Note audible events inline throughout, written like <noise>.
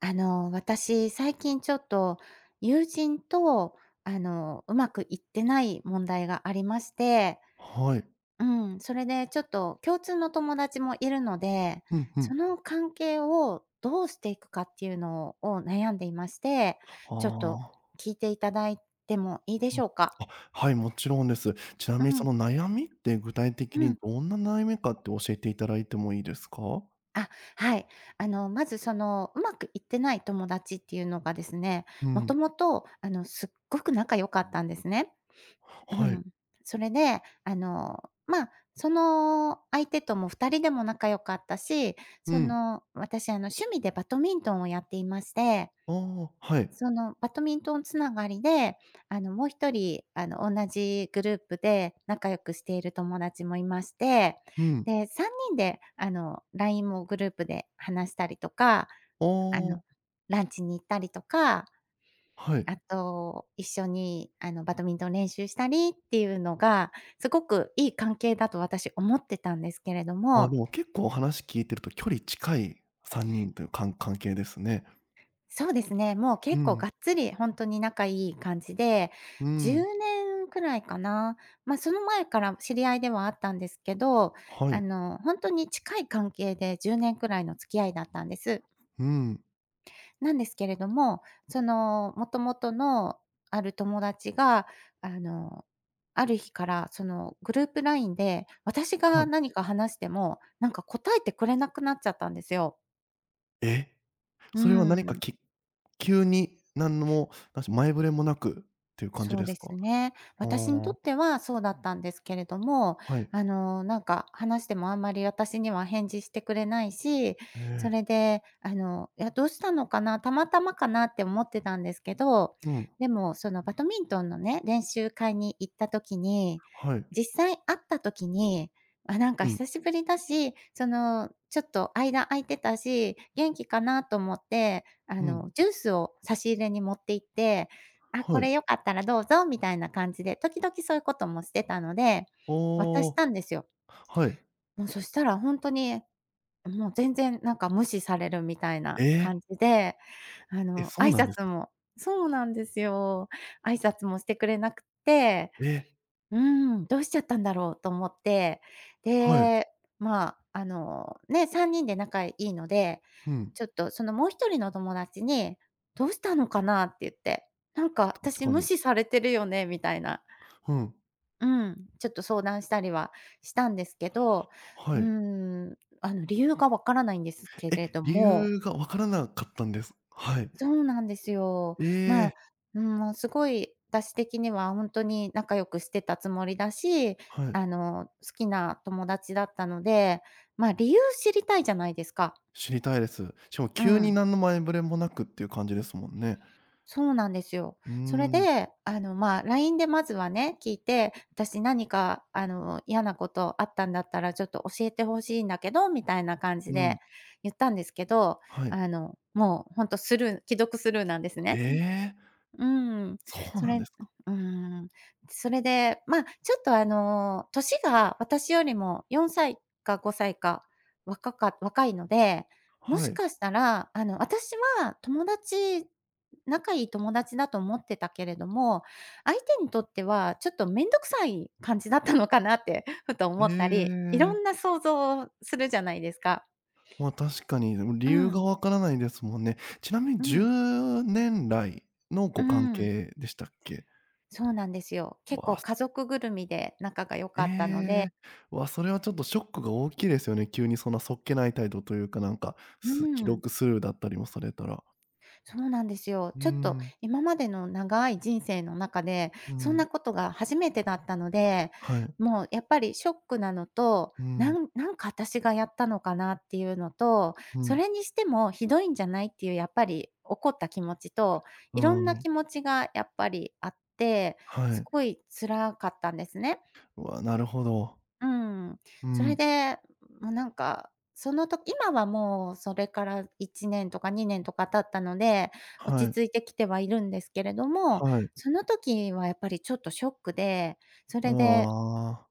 あの、私最近ちょっと友人とあの、うまくいってない問題がありまして、はい。うん。それでちょっと共通の友達もいるので、ふんふそん。の関係をどうしていくかっていうのを悩んでいまして、ちょっとああ。聞いていただいてもいいでうん、しょうか？あ、はい、もちろんです。ちなうみにそん。の悩みって具体的うにん。どんな悩みかって教えて頂いてもいいですか？あ、はい。あの、まずその、うまくいってない友達っていうのがですね、うもとん。もとあの、すっごく仲良かったんですね。うはい。ん、それであの、ま、その相手とも2人でも仲良かったし、うそん。の、私あの趣味でバドミントンをやっていまして。ああ、はい。そのバドミントンつながりで、あの、もう1人、あの、同じグループで仲良くしている友達もいまして。うん。で、3人であの、LINE もグループで話したりとか、おあの、お。ランチに行ったりとか、はい。あと一緒にあの、バドミントン練習したりっていうのがすごくいい関係だと私思ってたんですけれどああ、でも。も結構話聞いてると距離近い3人というかん関係ですね。そうですね。もうう結構ん。がっつりほんとに仲いい感じで、うじゅん。うねんくらいかな。ま、その前から知り合いではあったんですけど、はあい。のほんとに近い関係で10年くらいの付き合いだったんです。うん。なんですけれども、そのもともとのある友達が、あの、ある日からそのグループ LINE で、私はがい。何か話しても、なんか答えてくれなくなっちゃったんですよ。え！うそれは何かん。き急に何のもだし、前触れもなく、という感じそうですですか？ね。私にとああ。ってはそうだったんですけれども、はい。あのなんか、話しても、あんまり私には返事してくれないし、えそえ。れであの、いやどうしたのかな、たまたまかなって思ってたんですけど。うん。でもそのバドミントンのね、練習会に行った時にはい。実際会った時に、あ、なんかうん。久しぶりだし、そのちょっと間空いてたし、元気かなと思って、あうん。のジュースを差し入れに持っていって、「あ、こはい。れ良かったらどうぞ」みたいな感じで、時々そういうこともしてたので、渡しああ。たんですよ。はい。もう、そしたらほんとに、もう全然なんか無視されるみたいえなえ。感じで、あえ、のそう挨なんです拶か。もそうなんですよ。挨拶もしてくれなくって。ええ。うん、どうしちゃったんだろうと思って。はい。で、ま、あの、ね、3人で仲いいので、うん。ちょっとそのもう1人の友達に、「どうしたのかな」って言って、「なんか確私か無に。視されてるよね」みたいな。うん。うん、ちょっと相談したりはしたんですけど。ははうい。ん、あの理由がわからないんですけえ、れど理も由がわからなかったんです。はい。そうなんですよ。えま、え。うん、もうすごい私的には、ほんとに仲良くしてたつもりだし、はい。あの好きな友達だったので、ま、理由知りたいじゃないですか。知りたいです。しかもう急に、ん。何の前触れもなくっていう感じですもんね。そうなんですよ。うーそれん。で、あのま、LINE でまずはね、聞いて、「私何かあの嫌なことあったんだったら、ちょっと教えて欲しいんだけど」みたいな感じうでん。言ったんですけど、はい。あのもう、ほんとスルー既読スルーなんですえね。え。うん。うん、そうそなんれですか。うん、それでま、ちょっとあの年が私よりも4歳か5歳か若かっ若いので、もはしい。かしたらあの私は友達仲いい友達だと思ってたけれども、相手にとっては、ちょっと面倒くさい感じだったのかなってふとえ思ったり、いろえ。んな想像をするじゃないですか。ま、確かに。でも、<sniffs> 理う由がん。わからないですもんね。ちなみにうじゅん。うねんらいのうご関ん。係でしたっけ。そうなんですよ。結わ構あ。す。家族ぐるみで、仲が良かったので。ええ。わ、それはちょっとショックが大きいですよね。急にそんなそっけない態度というか、なんか、うす既ん。読スルーだったりもされたら。そうなんですよ。うちょっとん。今までの長い人生の中で、うそんん。なことが初めてだったので。はい。もうやっぱりショックなのと、うなん。んなんか私がやったのかなっていうのと、うそん。れにしてもひどいんじゃないっていうやっぱり怒った気持ちと、ういろんなん。気持ちがやっぱりあって、はすい。ごい辛かったんですね。わ、なるほど。うん。うそれん。でもうなんかそのと今はもうそれから1年とか2年とか経ったので、は落ちい。着いてきてはいるんですけれども、はい。その時はやっぱりちょっとショックで、それでああ。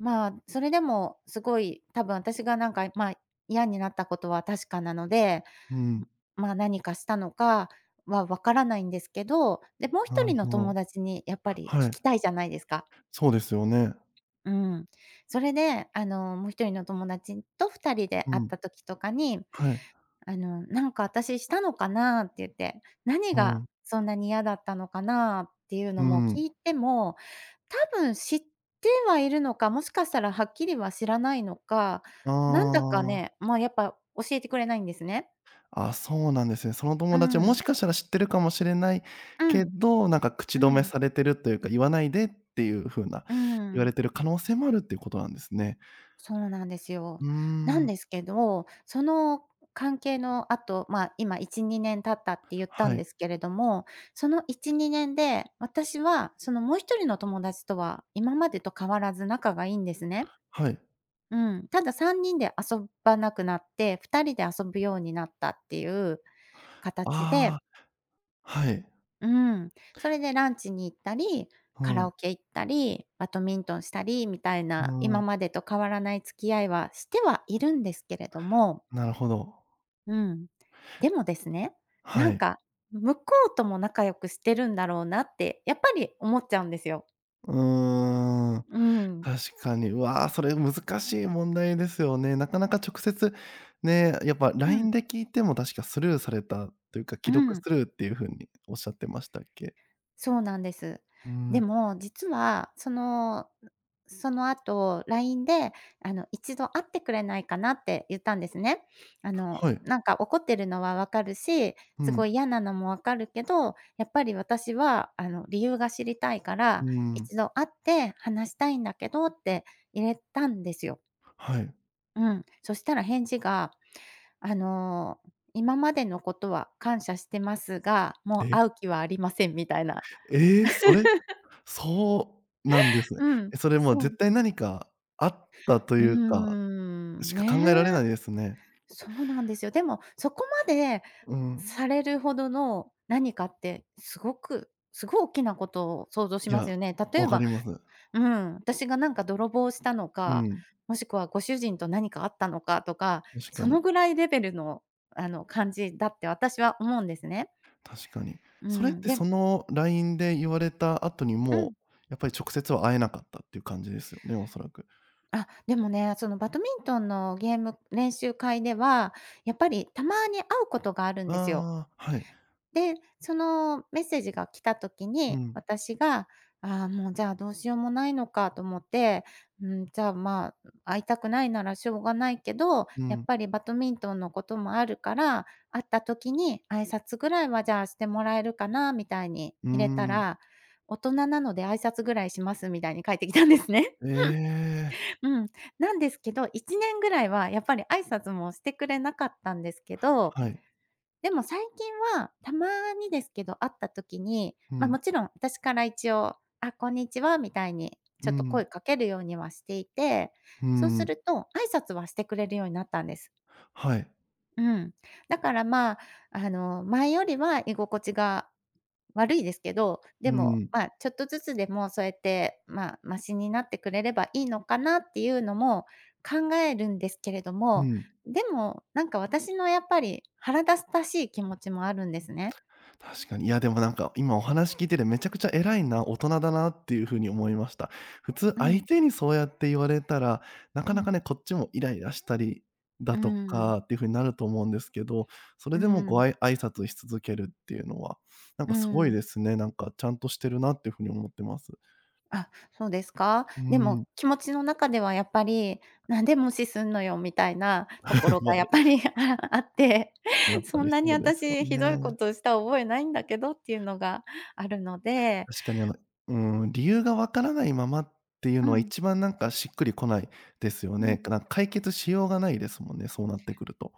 まあ、それでも凄い、多分あたしが、何か、まあ、嫌になった事は確かなので、うん。まあ、何かしたのかは分からないんですけど、で、もうひとなるりのほ友ろ。達にやっぱりは聞い。きたいじゃないですか？そうですよね。うん。それで、あの、もう1人の友達と2人でう会っん。た時とかに、はい。あの「なんか、私したのかな」って言って「何うがん。そんなに嫌だったのかな」っていううのもんうん。聞いても、多分知ってはいるのか、もしかしたら、はっきりは知らないのか、ああなんだかああああ。ね、まあ、やっぱ、教えてくれないんですね。ああ、そうなんですね。そのう友達は、もん。しかしたら知ってるかもしれないうけんど、なんか、口止うめん。されてるというか、「言わないで」っていう風なうー言われん。てる可能性もあるっていう事なんですね。そうなんですよ。うーなんん。ですけど、その関係の後、ま、今1、2年経ったって言ったはんい。ですけれども、その1、2年で私は、その、もう1人の友達とは今までと変わらず仲が良いんですね。はい。うん、ただ3人で遊ばなくなって、2人で遊ぶようになったっていう形あであ、はい。うん、それでランチに行ったり、ふカラん。オケ行ったり、バドミントンしたりみたいうな、今ん。までと変わらない付き合いはしてはいるんですけれどもなるほど。うん。でもですね、なはんい。か「向こうとも仲良くしてるんだろうな」って、やっぱり思っちゃうんですよ。うーん。うん。確かに。うわ、それ難しい問題ですよね。なかなか直接ね、やっぱう LINE ん。で聞いても確かスルーされたというか、う既読ん。スルーっていう風におっしゃってましたっけ？そうなんです。うでん。も、実は、そのその後 LINE で、あの「一度会ってくれないかな」って言ったんですね。あの、はい。「なんか怒ってるのは分かるし、うすごん。い嫌なのも分かるけど、やっぱり私は、あの、理由が知りたいかうら、ん。一度会って話したいんだけど」って入れたんですよ。はい。うん。そしたら返事が、あの「今までのことは感謝してますが、もうえ。会う気はありません」みたいな。ええ、それ <chuckles> そうなんですね。うん、え、それ、もう、そう。絶対何かあったとういーうかん。しか考えられね。ないですね。そうなんですよ。でも、そこまでうん。されるほどの何かって、凄く凄いおっきなことを想像しいますや。よね。例分えかばります。うん。あたしが、なんか、泥棒したのうか、ん。もしくはご主人と何かあったのかとか。確かそに。のぐらいレベルの、あの、感じだって私は思うんですね。確かに。うそれっん、てでその、LINE で言われた後にうん。もう、やっぱり直接は会えなかったっていう感じですよね、おそらく。あ、でもね、そのバドミントンのゲーム練習会では、やっぱりたまに会うことがあるんですよ。ああ。はい。で、そのメッセージが来た時うに、ん。私が「ああ、もう、じゃあ、どうしようもないのか」と思って「うん、じゃあ、まあ、会いたくないならしょうがないけど、うやっん。ぱりバドミントンのこともあるから、会った時に挨拶ぐらいは、じゃあ、してもらえるかな？」みたいにうー入れたん。ら「大人なので挨拶ぐらいします」みたいに返ってきたんですね。ええ。<laughs> うん、なんですけど、1年ぐらいはやっぱり挨拶もしてくれなかったんですけど、はい。でも、最近は、たまにですけど、会った時に、うま、ん。勿論あたしから一応「あ、こんにちは」みたいに、うちょっと声ん。掛けるようにはしていて、うそうすん。ると挨拶はしてくれるようになったんです。はい。うん。だからまあ、あの、前よりは居心地が悪いですけど、うでも、ん。ま、ちょっとずつでもそうやって、ま、ましになってくれればいいのかなっていうのも考えるんですけれどうも、ん。でも、なんか私のやっぱり腹立たしい気持ちもあるんですね。確かに、いやでもなんか、今お話聞いててめちゃくちゃ偉いな大人だなっていう風に思いました。普通う相ん。手にそうやって言われたら、なかうなかん。ね、こっちもイライラしたりだうーとかん。っていう風になると思うんですけど、それうーでもごん。あい挨拶し続けるっていうのは、なんうかすごーいん。ですね、なんかちゃんとしてるなって風に思ってます。あ、そうですか？うでん。も気持ちの中ではやっぱり、なんで無視すんのよみたいなとこ <laughs> ろまがあ。やっぱりあって、やっぱそりんなにそうですよ私ひどいこね。とをした覚えないんだけどっていうのがあるので。確かに、あの、うーん、理由がわからないままっていううのはん。一番なんかしっくりこないですようね。ん。かな、解決しようがないですもんね、そうなってくると。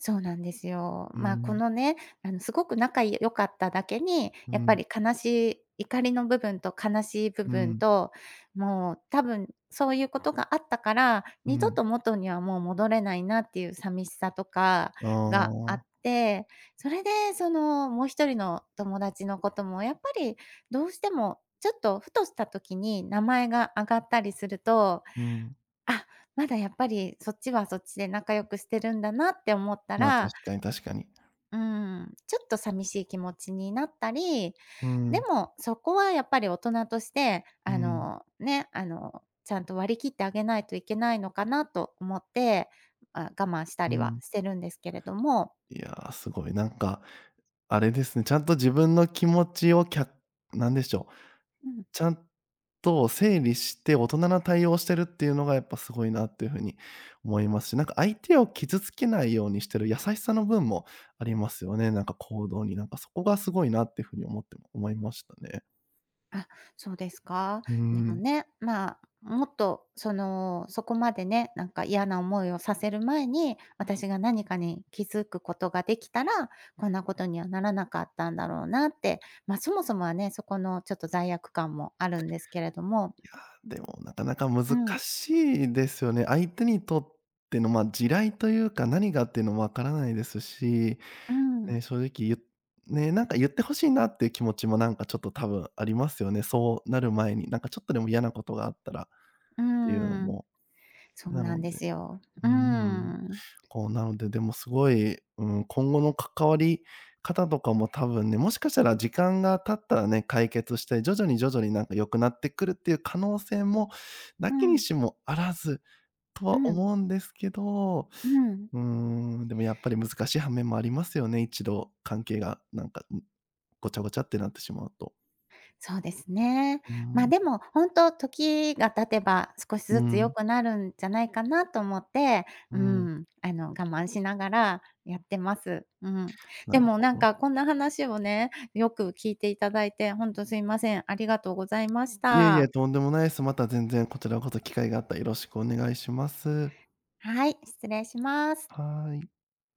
そうなんですよ。うーま、こん。のね、あのすごく仲良かっただけに、うやっぱん。り悲しい怒りの部分と悲しい部う分ん。と、もう多分そういうことがあったから、う二度ん。と元にはもう戻れないなっていう寂しさとかがあっああ。て、それでその、もう1人の友達のこともやっぱり、どうしてもちょっとふとした時に名前が挙がったりすると、うん。あ、まだやっぱりそっちはそっちで仲良くしてるんだなって思ったま、確らかに確かに。うーん、ちょっと寂しい気持ちになったり、うでん。もそこはやっぱり大人として、うあん。の、ね、あの、ちゃんと割り切ってあげないといけないのかなと思って、あ、我慢したうりはん。してるんですけれども。いやあ、すごい。なんか、あれですね、ちゃんと自分の気持ちをきゃなんでしょう。うん。ちゃんと整理して、大人な対応をしてるっていうのがやっぱすごいなっていう風に思いますし、なんか、相手を傷つけないようにしてる優しさの分もありますよね。なんか、行動になんか、そこがすごいなって風に思って思いましたね。あ、そうですか？うーでもん。ね、ま、もっと、その、そこまでね、なんか、嫌な思いをさせる前に、私が何かに気づくことができたら、こんなことにはならなかったんだろうなって。ま、そもそもはね、そこのちょっと罪悪感もあるんですけれども。いや、でも、なかなかう難ん。しいですよね。相手にとっての、ま、地雷というか、何がっていうのも分からないですし、うん。ね、正直ゆね、なんか言って欲しいなっていう気持ちも、なんか、ちょっと多分ありますよね、そうなる前に。なんか、ちょっとでも嫌なことがあったらっうんていうのうんうん。も。そうななのんでですよ。ううんうんん、うんうん。こう、なので、でも、すごい、うーん、今後の関わり方とかも多分ね、もしかしたら時間が経ったらね、解決して、徐々に、徐々に、なんか、良くなってくるっていう可能性も無うきにん。しもあらず、とうはん。思うんですけど、うん。うーん、でもやっぱり難しい反面もありますよね、一度関係が、なんか、んごちゃごちゃってなってしまうと。そうですね。うーま、ん。でも、本当時が経てば、少しうずつ良ん。くなるんじゃないかなと思って、ううん。ん、あの、我慢しながらやってます。うん。なでるも、ほなんど。か、こんな話をね、よく聞いていただいて、ほんとすいません。ありがとうございましいえいえ、た。とんでもないす。また全然こちらこそ機会があったらよろしくお願いします。はい、失礼します。はい。